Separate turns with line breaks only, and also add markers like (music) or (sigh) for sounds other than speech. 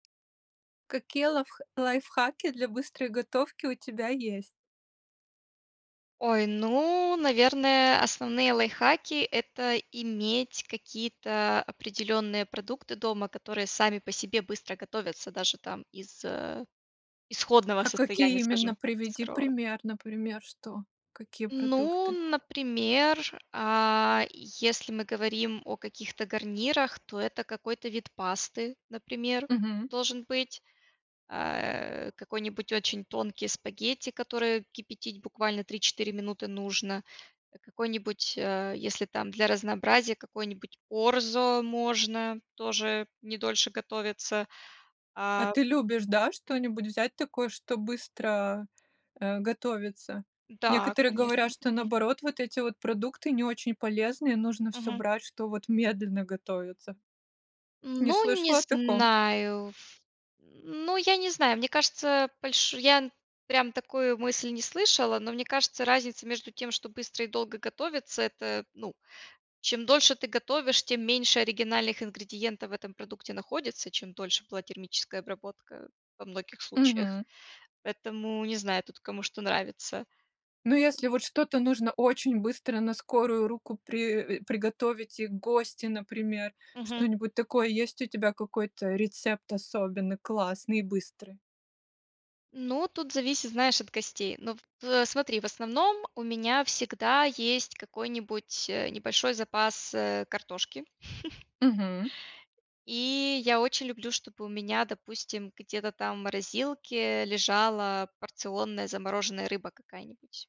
Какие лавх лайфхаки для быстрой готовки у тебя есть?
Ой, ну наверное, основные лайфхаки, это иметь какие-то определенные продукты дома, которые сами по себе быстро готовятся даже там из, э, исходного
А какие
состояния скажем
именно
так из
приведи
сырого.
пример, например, что какие
Ну,
продукты?
например, а, если мы говорим о каких-то гарнирах, то это какой-то вид пасты, например,
Мгм.
должен быть, а, э, какой-нибудь очень тонкий спагетти, которые кипятить буквально 3-4 минуты нужно, какой-нибудь, а, если там для разнообразия, какой-нибудь орзо можно тоже не дольше готовится.
А
А
ты любишь, да, что-нибудь взять такое, чтобы быстро, э, готовится?
Да,
Некоторые
конечно,
говорят, что
мгм.
наоборот, вот эти вот продукты не очень полезные, нужно всё
Мгм.
брать, что вот медленно готовится. Не
Ну не
слышала о таком?
знаю в м, ну я не знаю. Мне кажется больш я, м, прям такую мысль не слышала, но мне кажется, разница между тем, что быстро и долго готовится это, ну, чем дольше ты готовишь, тем меньше оригинальных ингредиентов в этом продукте находится, чем дольше была термическая обработка, во многих случаях,
Мгм.
поэтому не знаю тут кому что нравится.
Ну
Э
если вот что-то нужно очень быстро на скорую руку при э, приготовить и гости, например,
Мгм.
что-нибудь такое. Есть у тебя какой-то рецепт особенный, классный и быстрый?
Ну тут зависит, знаешь, от гостей, ну в э, смотри в основном у меня всегда есть какой-нибудь, э, небольшой запас, э, картошки. (chuckles)
Мгм.
И я очень люблю, чтобы у меня, допустим, где-то там в морозилке лежала порционная замороженная рыба какая-нибудь.